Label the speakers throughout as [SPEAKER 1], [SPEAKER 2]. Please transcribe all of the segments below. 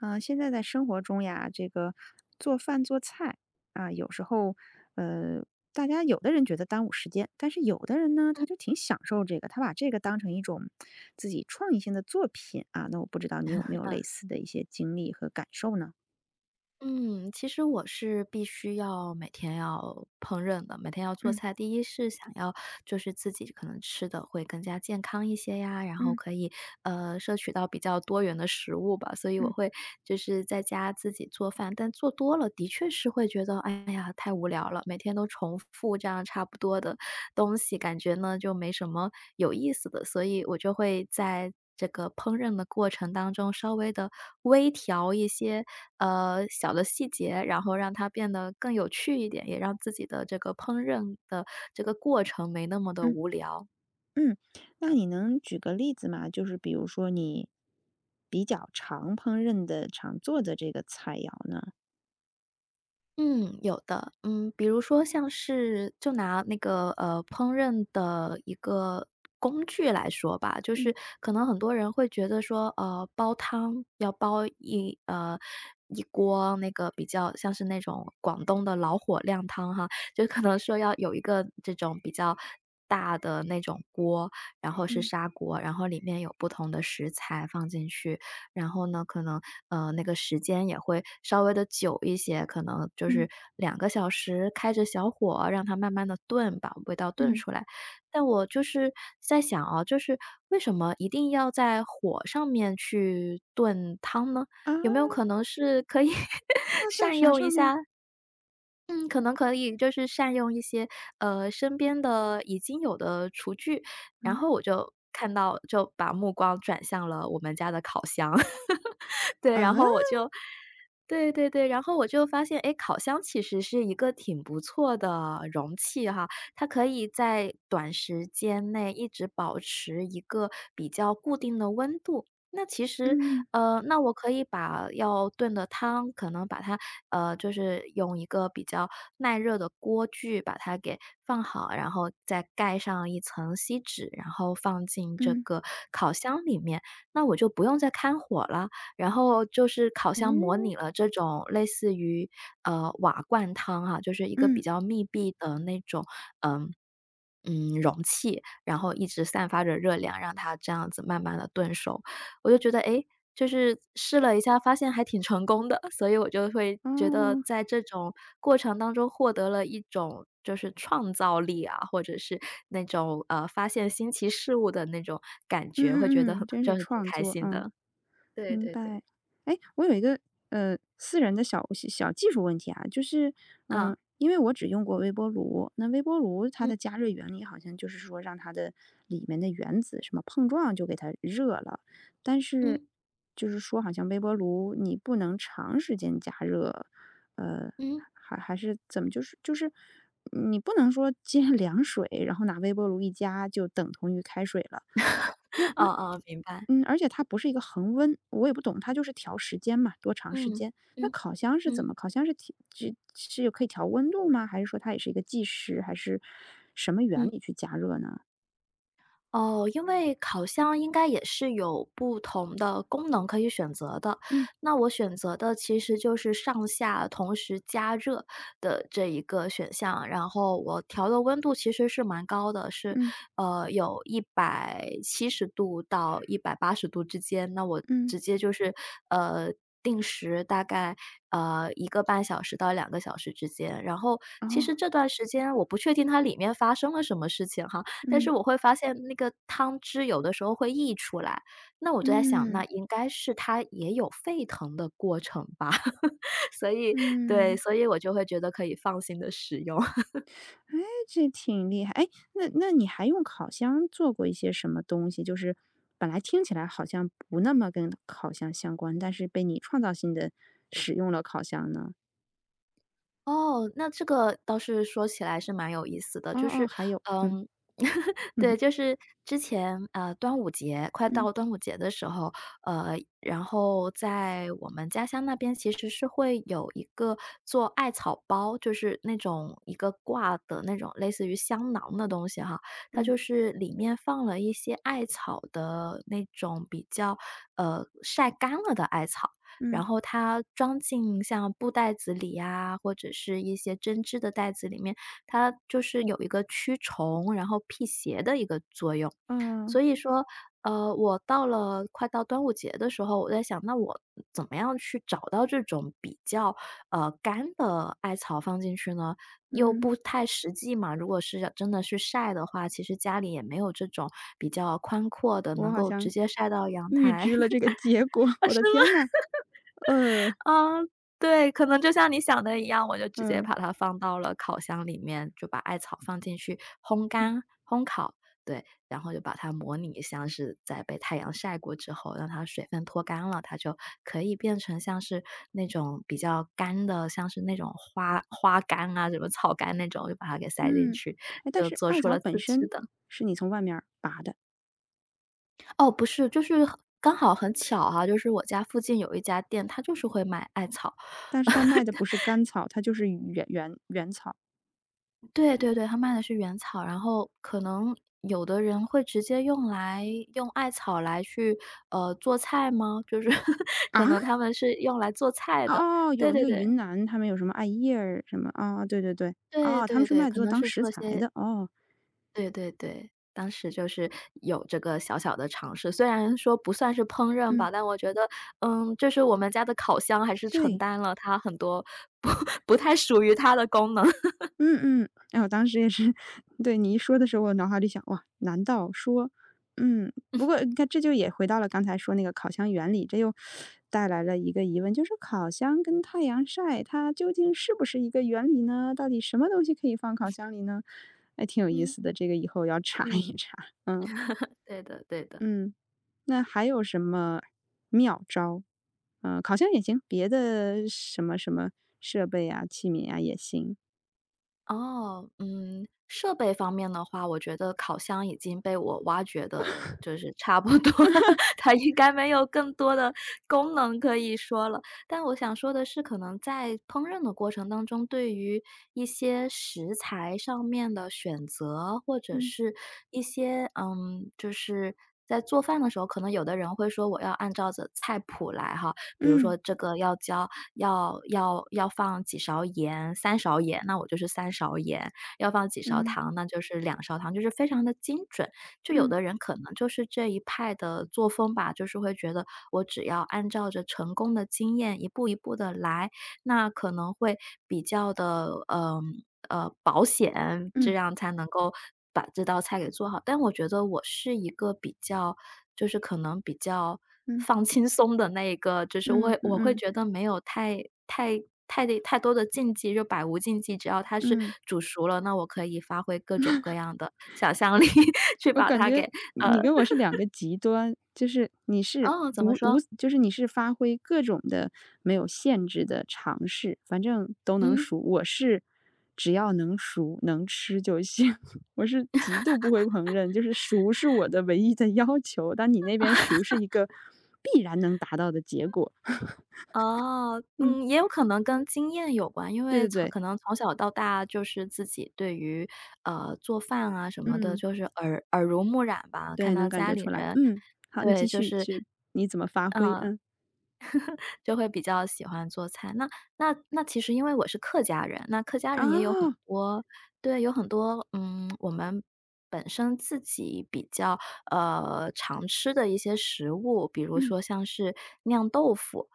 [SPEAKER 1] 呃，现在在生活中呀，这个，做饭做菜，啊，有时候，呃，大家有的人觉得耽误时间，但是有的人呢
[SPEAKER 2] 嗯。
[SPEAKER 1] 他就挺享受这个，他把这个当成一种，自己创意性的作品啊，那我不知道你有没 有类
[SPEAKER 2] 嗯。
[SPEAKER 1] 似的一些经历和感受呢？
[SPEAKER 2] 嗯，其实我是必须要，每天要烹饪的，每天要做
[SPEAKER 1] 嗯。
[SPEAKER 2] 菜。第一是想要就是自己可能吃得会更加健康一些呀，然后
[SPEAKER 1] 嗯。
[SPEAKER 2] 可以，呃，摄取到比较多元的食物吧，所以我
[SPEAKER 1] 嗯。
[SPEAKER 2] 会，就是在家自己做饭。但做多了，的确是会觉得，哎呀太无聊了，每天都重复都这样差不多的东西，感觉呢就没什么，有意思的。所以我就会在这个烹饪的过程当中稍微地微调一些，嗯，小的细节，然后让它变得更有趣一点，也让自己的这个烹饪的这个过程没那么地
[SPEAKER 1] 嗯。
[SPEAKER 2] 无聊。
[SPEAKER 1] 嗯，那你能举个例子吗？就是比如说你比较常烹饪的，常做的这个菜肴呢？
[SPEAKER 2] 嗯，有的。嗯，比如说像是，就拿那个，呃，烹饪的一个工具来说吧。就是
[SPEAKER 1] 嗯。
[SPEAKER 2] 可能很多人会觉得说，啊，煲汤要煲一呃，一锅，那个比较像是那种广东的老火靓汤哈。就可能说要有一个这种比较大的那种锅，然后是
[SPEAKER 1] 嗯。
[SPEAKER 2] 砂锅，然后里面有不同的食材放进去。然后呢，可能，呃，那个时间也会稍微地久一些，可能就是
[SPEAKER 1] 嗯。
[SPEAKER 2] 2个小时开着小火，让它慢慢地炖，把味道炖
[SPEAKER 1] 嗯。
[SPEAKER 2] 出来。但我就是在想啊，就是为什么一定要在火上面去炖汤呢？
[SPEAKER 1] 啊！
[SPEAKER 2] 有没有可能是可以
[SPEAKER 1] 放在
[SPEAKER 2] 善
[SPEAKER 1] 啥
[SPEAKER 2] 用一
[SPEAKER 1] 上面儿？
[SPEAKER 2] 下嗯，可能可以就是善用一些，呃，身边的已经有的厨具。然
[SPEAKER 1] 嗯？
[SPEAKER 2] 后我就看到就把目光转向了我们家的烤箱。对，然
[SPEAKER 1] 啊？
[SPEAKER 2] 后我就对对对，然后我就发现，诶，烤箱其实是一个挺不错的容器哈，它可以在短时间内一直保持一个比较固定的温度。那其实，
[SPEAKER 1] 嗯。
[SPEAKER 2] 呃，那我可以把要炖的汤，可能把它，呃，就是用一个比较耐热的锅具把它给放好，然后再盖上一层锡纸，然后放进这
[SPEAKER 1] 嗯。
[SPEAKER 2] 个烤箱里面，那我就不用再开火了。然后就是烤箱模
[SPEAKER 1] 嗯。
[SPEAKER 2] 拟了这种类似于，呃，瓦罐汤哈，就是一个比
[SPEAKER 1] 嗯。
[SPEAKER 2] 较密闭的那种，呃，嗯，容器，然后一直散发着热量，让它这样子慢慢地炖熟。我就觉得，诶，就是试了一下发现还挺成功的，所以我就会觉得
[SPEAKER 1] 啊。
[SPEAKER 2] 在这种过程当中获得了一种，就是创造力啊，或者是那种，啊，发现新奇事物的那种感觉，会觉得
[SPEAKER 1] 嗯嗯
[SPEAKER 2] 很
[SPEAKER 1] 嗯，真
[SPEAKER 2] 就
[SPEAKER 1] 是
[SPEAKER 2] 会挺
[SPEAKER 1] 创
[SPEAKER 2] 开
[SPEAKER 1] 作，
[SPEAKER 2] 心
[SPEAKER 1] 嗯。
[SPEAKER 2] 的。对
[SPEAKER 1] 明
[SPEAKER 2] 对对。
[SPEAKER 1] 白。诶，我有一个，呃，私人的小小小技术问题啊。就是，嗯，
[SPEAKER 2] 嗯。
[SPEAKER 1] 因为我只用过微波炉，那微波炉它
[SPEAKER 2] 嗯。
[SPEAKER 1] 的加热原理，好像就是说让它的里面的原子什么碰撞就给它热了。但是
[SPEAKER 2] 嗯。
[SPEAKER 1] 就是说，好像微波炉你不能长时间加热，呃，
[SPEAKER 2] 嗯。
[SPEAKER 1] 还还是怎么。就是就是你不能说接凉水，然后拿微波炉一加就等同于开水了。那那
[SPEAKER 2] 哦哦，明白。
[SPEAKER 1] 嗯，而且它不是一个恒温，我也不懂，它就是调时间嘛，多长时
[SPEAKER 2] 嗯，
[SPEAKER 1] 间。那
[SPEAKER 2] 嗯，
[SPEAKER 1] 烤箱是怎
[SPEAKER 2] 嗯。
[SPEAKER 1] 么，烤箱是替这，是是可以调温度吗？还是说它也是一个计时，还是什么原
[SPEAKER 2] 嗯。
[SPEAKER 1] 理去加热呢？
[SPEAKER 2] 哦，因为烤箱应该也是有不同的功能可以选择的。
[SPEAKER 1] 嗯。
[SPEAKER 2] 那我选择的其实就是上下同时加热的这一个选项，然后我调的温度其实是蛮高的。是
[SPEAKER 1] 嗯。
[SPEAKER 2] 呃，有170度到180度之间，那我
[SPEAKER 1] 嗯。
[SPEAKER 2] 直接就是，呃，定时大概，呃，1.5小时到2个小时之间。然后其实
[SPEAKER 1] 哦。
[SPEAKER 2] 这段时间我不确定它里面发生了什么事情哈，但是
[SPEAKER 1] 嗯。
[SPEAKER 2] 我会发现那个汤汁有的时候会溢出来，那我就在想，那
[SPEAKER 1] 嗯。
[SPEAKER 2] 应该是它也有沸腾的过程吧。所以对，
[SPEAKER 1] 嗯。
[SPEAKER 2] 所以我就会觉得可以放心地使用。
[SPEAKER 1] 哎，这挺厉害。哎，那那你还用烤箱做过一些什么东西，就是本来听起来好像不那么跟烤箱相关，但是被你创造性地使用了烤箱呢？
[SPEAKER 2] 哦，那这个倒是说起来是蛮有意思的，
[SPEAKER 1] 哦
[SPEAKER 2] 就
[SPEAKER 1] 哦，
[SPEAKER 2] 是
[SPEAKER 1] 还有，嗯，
[SPEAKER 2] 嗯，对，
[SPEAKER 1] 嗯。
[SPEAKER 2] 就是之前，啊，端午节快
[SPEAKER 1] 嗯。
[SPEAKER 2] 到端午节的时候，呃，然后在我们家乡那边，其实是会有一个做艾草包，就是那种一个挂的那种类似于香囊的东西哈。它
[SPEAKER 1] 嗯。
[SPEAKER 2] 就是里面放了一些艾草的那种比较呃，晒干了的艾草，然
[SPEAKER 1] 嗯。
[SPEAKER 2] 后它装进像布袋子里呀，或者是一些针织的袋子里面，它就是有一个驱虫，然后辟邪的一个作用。
[SPEAKER 1] 哦。
[SPEAKER 2] 所以说，呃，我到了快到端午节的时候，我在想，那我怎么样去找到这种比较，呃，干的艾草放进去呢？又
[SPEAKER 1] 嗯。
[SPEAKER 2] 不太实际嘛，如果是真的去晒的话，其实家里也没有这种比较宽阔的，
[SPEAKER 1] 我
[SPEAKER 2] 能
[SPEAKER 1] 好
[SPEAKER 2] 够直
[SPEAKER 1] 像
[SPEAKER 2] 接晒到阳
[SPEAKER 1] 预
[SPEAKER 2] 台。
[SPEAKER 1] 知了这个结果，我的天哪，呃。
[SPEAKER 2] 呃，是吗？哦，对，可能就像你想的一样，我就直接
[SPEAKER 1] 嗯。
[SPEAKER 2] 把它放到了烤箱里面，就把艾草放进去烘
[SPEAKER 1] 嗯。
[SPEAKER 2] 干烘烤，对。然后就把它模拟像是在被太阳晒过之后，让它水分脱干了，它就可以变成像是那种比较干的，像是那种花花干啊，什么草干那种，就把它给塞进
[SPEAKER 1] 嗯，
[SPEAKER 2] 去，
[SPEAKER 1] 诶，但
[SPEAKER 2] 就
[SPEAKER 1] 是
[SPEAKER 2] 做
[SPEAKER 1] 艾
[SPEAKER 2] 出
[SPEAKER 1] 草
[SPEAKER 2] 了
[SPEAKER 1] 本
[SPEAKER 2] 自制
[SPEAKER 1] 身
[SPEAKER 2] 的。
[SPEAKER 1] 是你从外面儿拔的？
[SPEAKER 2] 哦，不是。就是很刚好很巧哈，就是我家附近有一家店，它就是会卖艾草。
[SPEAKER 1] 但是他卖的不是 干草，它就是原原原草。
[SPEAKER 2] 对对对，他卖的是原草。然后可能，有的人会直接用来用艾草来去，呃，做菜吗？就是 可
[SPEAKER 1] 啊？
[SPEAKER 2] 能他们是用来做菜
[SPEAKER 1] 哦
[SPEAKER 2] 的。
[SPEAKER 1] 哦哦，
[SPEAKER 2] 对
[SPEAKER 1] 有那
[SPEAKER 2] 对
[SPEAKER 1] 个
[SPEAKER 2] 对。
[SPEAKER 1] 云南他们有什么艾叶儿什么，哦，对对对。
[SPEAKER 2] 对
[SPEAKER 1] 哦，他们
[SPEAKER 2] 对
[SPEAKER 1] 是
[SPEAKER 2] 对，
[SPEAKER 1] 卖
[SPEAKER 2] 可
[SPEAKER 1] 做
[SPEAKER 2] 能
[SPEAKER 1] 当
[SPEAKER 2] 是
[SPEAKER 1] 食
[SPEAKER 2] 做
[SPEAKER 1] 材
[SPEAKER 2] 些
[SPEAKER 1] 的，哦。
[SPEAKER 2] 对对对。当时就是有这个小小的尝试。虽然说不算是烹饪
[SPEAKER 1] 嗯。
[SPEAKER 2] 吧，但我觉得，嗯，就是我们家的烤箱还是承
[SPEAKER 1] 对。
[SPEAKER 2] 担了它很多不不太属于它的功能。
[SPEAKER 1] 嗯 嗯。哎呀，我当时也是对，你一说的时候，我脑海里想：“哇，难道说”嗯，不 过，你看这就也回到了刚才说那个烤箱原理，这又 带来了一个疑问，就是说烤箱跟太阳晒，它究竟是不是一个原理呢？到底什么东西可以放烤 箱里呢？哎，挺有意
[SPEAKER 2] 嗯。
[SPEAKER 1] 思的，这个以后要查一
[SPEAKER 2] 嗯。
[SPEAKER 1] 查，嗯。
[SPEAKER 2] 对的对的。
[SPEAKER 1] 嗯，那还有什么妙招？呃，烤箱也行，别的什么什么设备呀，器皿啊，也行。
[SPEAKER 2] 哦，嗯，设备方面的话，我觉得烤箱已经被我挖掘得就是差不多了，它应该没有更多的功能可以说了。但我想说的是，可能在烹饪的过程当中，对于一些食材上面的选择，或者
[SPEAKER 1] 嗯。
[SPEAKER 2] 是一些嗯，就是在做饭的时候，可能有的人会说，我要按照 着 菜谱来哈。比如说这个要加要要要放几勺盐，3勺盐，那我就是3勺盐，要放几勺
[SPEAKER 1] 嗯。
[SPEAKER 2] 糖，那就是2勺糖，就是非常的精准。就有
[SPEAKER 1] 嗯。
[SPEAKER 2] 的人可能就是这一派的作风吧，就是会觉得，我只要按照着成功的经验一步一步地来，那可能会比较的呃呃，保险，这样才能够把这道菜给做好。但我觉得我是一个比较就是可能比较
[SPEAKER 1] 嗯。
[SPEAKER 2] 放轻松的那一个，就是我
[SPEAKER 1] 嗯
[SPEAKER 2] 会
[SPEAKER 1] 嗯
[SPEAKER 2] 我会
[SPEAKER 1] 嗯。
[SPEAKER 2] 觉得没有太太太太多的禁忌，就百无禁忌，只要它是
[SPEAKER 1] 嗯。
[SPEAKER 2] 煮熟了，那我可以发挥各种各样的想象力，去
[SPEAKER 1] 我
[SPEAKER 2] 把
[SPEAKER 1] 感
[SPEAKER 2] 它给
[SPEAKER 1] 觉你
[SPEAKER 2] 嗯。
[SPEAKER 1] 跟我是两个 极端，就是你是
[SPEAKER 2] 哦，怎么
[SPEAKER 1] 无无
[SPEAKER 2] 说？
[SPEAKER 1] 就是你是发挥各种的没有限制的尝试，反正都能
[SPEAKER 2] 嗯。
[SPEAKER 1] 熟。我是只要能熟能吃就行，我是极度不会烹饪，就是熟是我的唯一的要求。但你那边熟是一个，必然能达到的结果。
[SPEAKER 2] 哦，
[SPEAKER 1] 嗯。
[SPEAKER 2] 嗯，也有可能跟经验有关，因
[SPEAKER 1] 对
[SPEAKER 2] 为
[SPEAKER 1] 对
[SPEAKER 2] 从
[SPEAKER 1] 对。
[SPEAKER 2] 可能从小到大就是自己对于呃，做饭啊什么的，
[SPEAKER 1] 嗯。
[SPEAKER 2] 就是耳耳濡目染吧。看
[SPEAKER 1] 对，
[SPEAKER 2] 到
[SPEAKER 1] 能感
[SPEAKER 2] 家
[SPEAKER 1] 觉
[SPEAKER 2] 里
[SPEAKER 1] 出来。
[SPEAKER 2] 人
[SPEAKER 1] 嗯，好你继
[SPEAKER 2] 对，就
[SPEAKER 1] 续。
[SPEAKER 2] 是
[SPEAKER 1] 是，你怎么发挥？
[SPEAKER 2] 嗯，
[SPEAKER 1] 嗯。
[SPEAKER 2] 就会比较喜欢做菜。那那那其实因为我是客家人，那客家人也有很
[SPEAKER 1] 啊。
[SPEAKER 2] 多对，有很多，嗯，我们本身自己比较呃，常吃的一些食物，比如说像是酿豆腐。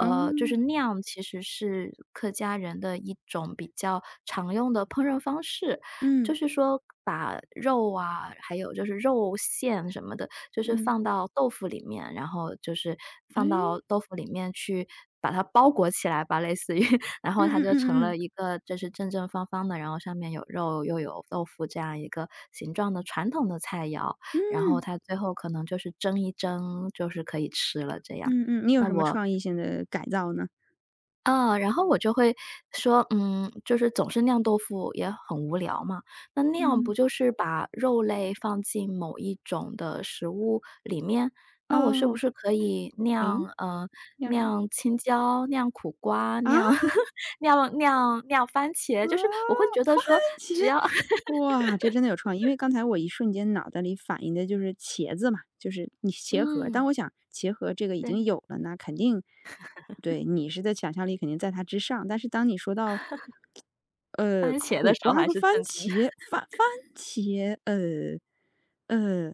[SPEAKER 2] 呃，就是
[SPEAKER 1] 哦。
[SPEAKER 2] “酿”其实是客家人的一种比较常用的烹饪方式，就是说把肉啊，还有就是肉馅什么的，就是
[SPEAKER 1] 嗯。
[SPEAKER 2] 放到豆腐里面，然后就是放
[SPEAKER 1] 诶？
[SPEAKER 2] 到豆腐里面去，把它包裹起来吧，类似于，然后它就成了一个就是正正方方的，然后上面有肉又有豆腐，这样一个形状的传统的菜肴。然后它最后可能就是蒸一蒸，就是可以吃了这样。
[SPEAKER 1] 嗯嗯，你有
[SPEAKER 2] 那
[SPEAKER 1] 什么
[SPEAKER 2] 我
[SPEAKER 1] 创意性的改造呢？
[SPEAKER 2] 啊，然后我就会说，嗯，就是总是酿豆腐也很无聊嘛，那酿不
[SPEAKER 1] 嗯。
[SPEAKER 2] 就是把肉类放进某一种的食物里面？那我是不
[SPEAKER 1] 啊。
[SPEAKER 2] 是可以
[SPEAKER 1] 诶？
[SPEAKER 2] 酿呃，
[SPEAKER 1] 酿啥？
[SPEAKER 2] 酿青椒，酿苦瓜，
[SPEAKER 1] 啊？
[SPEAKER 2] 酿 酿酿酿番
[SPEAKER 1] 啊？
[SPEAKER 2] 茄。
[SPEAKER 1] 番
[SPEAKER 2] 就是我
[SPEAKER 1] 茄。
[SPEAKER 2] 会觉得说，只要
[SPEAKER 1] 哇，这真的有创意，因为刚才我一瞬间脑袋里反应的就是茄子嘛，就是你是茄盒，但
[SPEAKER 2] 嗯。
[SPEAKER 1] 我想茄盒这个已经
[SPEAKER 2] 对。
[SPEAKER 1] 有了，那肯定 对，你是在想象力肯定在它之上，但是当你说到 呃，
[SPEAKER 2] 番茄的
[SPEAKER 1] 苦
[SPEAKER 2] 时候
[SPEAKER 1] 瓜
[SPEAKER 2] 还
[SPEAKER 1] 和
[SPEAKER 2] 是
[SPEAKER 1] 番
[SPEAKER 2] 正经的。
[SPEAKER 1] 茄，番番 茄，呃，呃。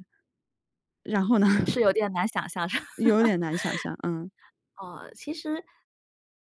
[SPEAKER 1] 然后呢？
[SPEAKER 2] 是有点难想象的。
[SPEAKER 1] 有点难想象，嗯。
[SPEAKER 2] 哦，其实，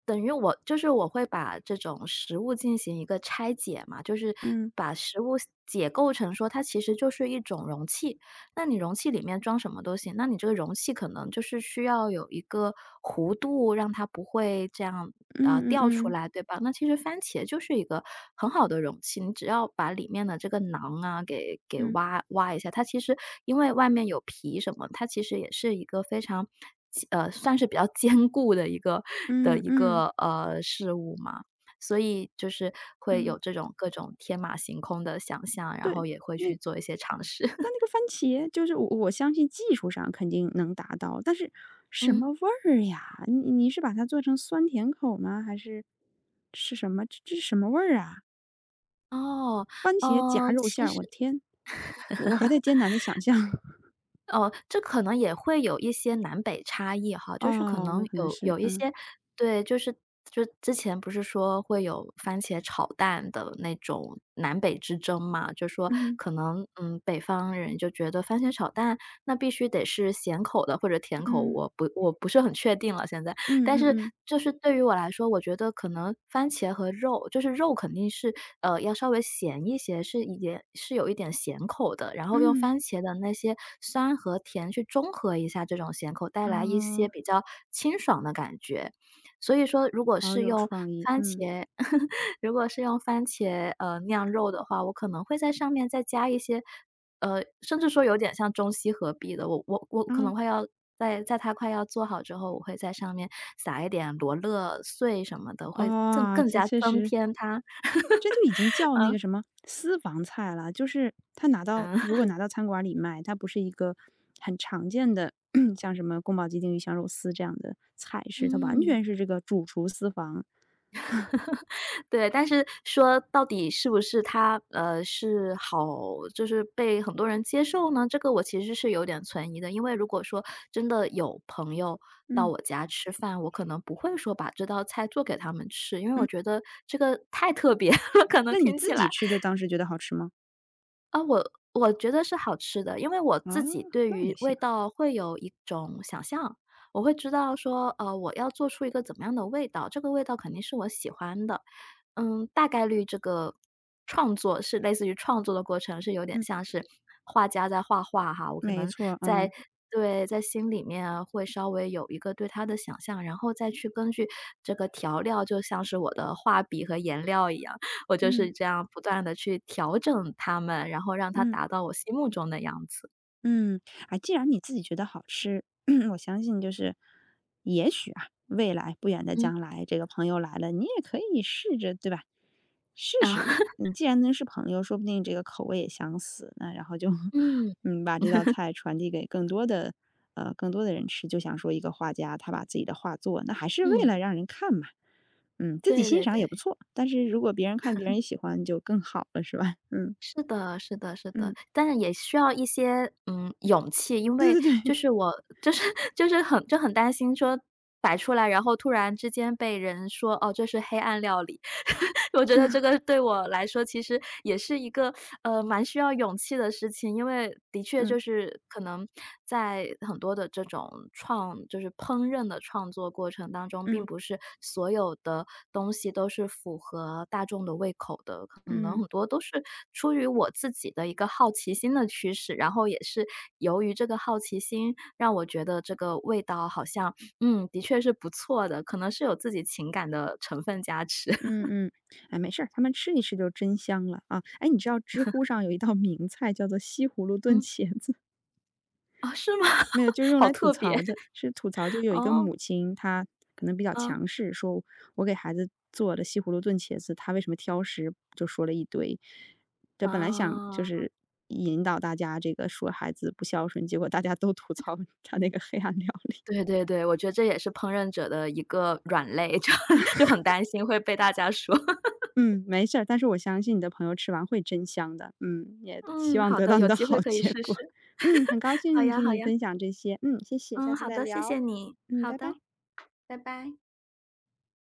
[SPEAKER 2] 等于我就是我会把这种食物进行一个拆解嘛，就是
[SPEAKER 1] 嗯。
[SPEAKER 2] 把食物解构成说它其实就是一种容器，那你容器里面装什么都行，那你这个容器可能就是需要有一个弧度，让它不会这样，呃，
[SPEAKER 1] 嗯嗯
[SPEAKER 2] 掉出
[SPEAKER 1] 嗯。
[SPEAKER 2] 来，对吧？那其实番茄就是一个很好的容器，你只要把里面的这个瓤啊，给给
[SPEAKER 1] 嗯。
[SPEAKER 2] 挖挖一下，它其实因为外面有皮什么，它其实也是一个非常坚呃，算是比较坚固的一个的
[SPEAKER 1] 嗯，
[SPEAKER 2] 一
[SPEAKER 1] 嗯
[SPEAKER 2] 个，呃，事物嘛，所以就是会有
[SPEAKER 1] 嗯。
[SPEAKER 2] 这种各种天马行空的想像，然
[SPEAKER 1] 对，
[SPEAKER 2] 后也会
[SPEAKER 1] 那
[SPEAKER 2] 去做一些尝试。
[SPEAKER 1] 但 那个番茄，就是我我相信技术上肯定能达到，但是什
[SPEAKER 2] 嗯。
[SPEAKER 1] 么味儿呀？你你是把它做成酸甜口儿吗？还是是什么，这这是什么味儿啊？
[SPEAKER 2] 哦，
[SPEAKER 1] 番茄夹
[SPEAKER 2] 呃，
[SPEAKER 1] 肉馅
[SPEAKER 2] 其
[SPEAKER 1] 儿，
[SPEAKER 2] 实
[SPEAKER 1] 我的天！我还在艰难地想 象。
[SPEAKER 2] 哦，这可能也会有一些南北差异哈，就是可
[SPEAKER 1] 哦，
[SPEAKER 2] 能
[SPEAKER 1] 那可能
[SPEAKER 2] 有
[SPEAKER 1] 是，
[SPEAKER 2] 有一
[SPEAKER 1] 嗯。
[SPEAKER 2] 些对，就是就之前不是说会有番茄炒蛋的那种南北之争嘛。就是说
[SPEAKER 1] 嗯。
[SPEAKER 2] 可能，嗯，北方人就觉得番茄炒蛋，那必须得是咸口的或者甜口，
[SPEAKER 1] 嗯。
[SPEAKER 2] 我不我不是很确定了现在。
[SPEAKER 1] 嗯
[SPEAKER 2] 但
[SPEAKER 1] 嗯
[SPEAKER 2] 是
[SPEAKER 1] 嗯。
[SPEAKER 2] 就是对于我来说，我觉得可能番茄和肉就是肉肯定是，呃，要稍微咸一些，是盐是有一点咸口的，然后用
[SPEAKER 1] 嗯。
[SPEAKER 2] 番茄的那些酸和甜去中和一下这种咸口，带来一些
[SPEAKER 1] 哦。
[SPEAKER 2] 比较清爽的感觉。所以说如果
[SPEAKER 1] 好
[SPEAKER 2] 是
[SPEAKER 1] 有
[SPEAKER 2] 用
[SPEAKER 1] 创意，
[SPEAKER 2] 番
[SPEAKER 1] 嗯。
[SPEAKER 2] 茄 如果是用番茄，呃，酿肉的话，我可能会在上面再加一些呃，甚至说有点像中西合璧的，我我我可
[SPEAKER 1] 哦。
[SPEAKER 2] 能会要在在它快要做好之后，我会在上面撒一点罗勒碎什么的，会赠
[SPEAKER 1] 哇，
[SPEAKER 2] 更
[SPEAKER 1] 这
[SPEAKER 2] 加
[SPEAKER 1] 确
[SPEAKER 2] 增
[SPEAKER 1] 实
[SPEAKER 2] 添它
[SPEAKER 1] 这就已经叫 那个
[SPEAKER 2] 嗯。
[SPEAKER 1] 什么私房菜了，就是它拿到
[SPEAKER 2] 嗯。
[SPEAKER 1] 如果 拿到餐馆儿里卖，它不是一个很常见的，像什么宫保鸡丁、鱼香肉丝这样的菜式，它完
[SPEAKER 2] 嗯。
[SPEAKER 1] 全是这个主厨私房。
[SPEAKER 2] 对，但是说到底是不是它呃，是好就是被很多人接受呢，这个我其实是有点存疑的。因为如果说，真的有朋友到
[SPEAKER 1] 嗯。
[SPEAKER 2] 我家吃饭，我可能不会说把这道菜做给他们吃，因为我
[SPEAKER 1] 嗯。
[SPEAKER 2] 觉得这个太特别了，可能
[SPEAKER 1] 那你
[SPEAKER 2] 听起
[SPEAKER 1] 自
[SPEAKER 2] 来。
[SPEAKER 1] 己吃着，当时觉得好吃吗？
[SPEAKER 2] 呃，我-我觉得是好吃的，因为我自
[SPEAKER 1] 啊，
[SPEAKER 2] 己对
[SPEAKER 1] 那就
[SPEAKER 2] 于味
[SPEAKER 1] 行。
[SPEAKER 2] 道会有一种想象，我会知道说呃，我要做出一个怎么样的味道，这个味道肯定是我喜欢的。嗯，大概率这个创作是类似于创作的过程，是有点
[SPEAKER 1] 嗯。
[SPEAKER 2] 像是画家在画画哈，我可
[SPEAKER 1] 没
[SPEAKER 2] 能
[SPEAKER 1] 错儿，
[SPEAKER 2] 在
[SPEAKER 1] 嗯。
[SPEAKER 2] 对，在心里面会稍微有一个对它的想象，然后再去根据这个调料，就像是我的画笔和颜料一样，我就是
[SPEAKER 1] 嗯。
[SPEAKER 2] 这样不断地去调整它们，然后让它
[SPEAKER 1] 嗯。
[SPEAKER 2] 达到我心目中的样子。
[SPEAKER 1] 嗯，哎，既然你自己觉得好吃，我相信就是也许啊，未来不远的
[SPEAKER 2] 嗯。
[SPEAKER 1] 将来，这个朋友来了，你也可以试着对吧？试
[SPEAKER 2] 嗯。
[SPEAKER 1] 试。既然能是朋友，说不定这个口味也相似，那然后就
[SPEAKER 2] 嗯。
[SPEAKER 1] 嗯，把这道 菜传递给更多的呃，更多的人吃。就像说一个画家，他把自己的画作那还是为了
[SPEAKER 2] 嗯。
[SPEAKER 1] 让人看吧，嗯，自己
[SPEAKER 2] 对
[SPEAKER 1] 欣
[SPEAKER 2] 对
[SPEAKER 1] 赏也不
[SPEAKER 2] 对。
[SPEAKER 1] 错，但是如果别人看别人喜欢就更好了，是吧？嗯。
[SPEAKER 2] 是的是的是的。
[SPEAKER 1] 嗯。
[SPEAKER 2] 但是也需要一些，嗯，勇气，因
[SPEAKER 1] 对
[SPEAKER 2] 为
[SPEAKER 1] 对对。
[SPEAKER 2] 就是我就 是就是很就很担心说摆出来，然后突然之间被人说，哦，这是黑暗料理。我觉得这 个对我来说其实也是一个，呃，蛮需要勇气的事情。因为的确
[SPEAKER 1] 嗯。
[SPEAKER 2] 就是可能在很多的这种创就是烹饪的创作过程当中，并
[SPEAKER 1] 嗯。
[SPEAKER 2] 不是所有的东西都是符合大众的胃口的，可能
[SPEAKER 1] 嗯。
[SPEAKER 2] 很多都是出于我自己的一个好奇心的驱使。然后也是由于这个好奇心，让我觉得这个味道好像，嗯，的确是不错的，可能是有自己情感的成分加持。
[SPEAKER 1] 嗯嗯，哎，没事，他们吃一吃就真香了啊，诶，你知道知乎上有一道名菜叫做西葫芦炖
[SPEAKER 2] 嗯。
[SPEAKER 1] 茄子？
[SPEAKER 2] 哦，是吗？
[SPEAKER 1] 没有，就是用
[SPEAKER 2] 好
[SPEAKER 1] 来吐
[SPEAKER 2] 特别，
[SPEAKER 1] 槽的。是吐槽就 有一个
[SPEAKER 2] 哦。
[SPEAKER 1] 母亲，她可能比较
[SPEAKER 2] 嗯。
[SPEAKER 1] 强势，说我给孩子做了西葫芦炖茄子，他为什么挑食，就说了一堆。对，本来想就
[SPEAKER 2] 哦。
[SPEAKER 1] 是引导大家这个说孩子不孝顺，结果大家都吐槽她那个黑暗料理。
[SPEAKER 2] 对对对，我觉得这也是烹饪者的一个软肋，就很就很 担心会被大家说。
[SPEAKER 1] 嗯，没事儿，但是我相信你的朋友吃完会真香的，嗯，也希
[SPEAKER 2] 嗯，
[SPEAKER 1] 望
[SPEAKER 2] 好
[SPEAKER 1] 得
[SPEAKER 2] 的，
[SPEAKER 1] 到你
[SPEAKER 2] 有
[SPEAKER 1] 的
[SPEAKER 2] 机会
[SPEAKER 1] 好
[SPEAKER 2] 可以
[SPEAKER 1] 结
[SPEAKER 2] 试
[SPEAKER 1] 果。
[SPEAKER 2] 试，
[SPEAKER 1] 嗯，很 高
[SPEAKER 2] 好
[SPEAKER 1] 兴
[SPEAKER 2] 呀
[SPEAKER 1] 听
[SPEAKER 2] 好
[SPEAKER 1] 你
[SPEAKER 2] 呀。
[SPEAKER 1] 分享这些，嗯，谢谢，下
[SPEAKER 2] 嗯，
[SPEAKER 1] 次
[SPEAKER 2] 好
[SPEAKER 1] 再
[SPEAKER 2] 的，谢
[SPEAKER 1] 聊，
[SPEAKER 2] 谢你，
[SPEAKER 1] 嗯，
[SPEAKER 2] 好
[SPEAKER 1] 拜
[SPEAKER 2] 的，
[SPEAKER 1] 拜。
[SPEAKER 2] 拜拜。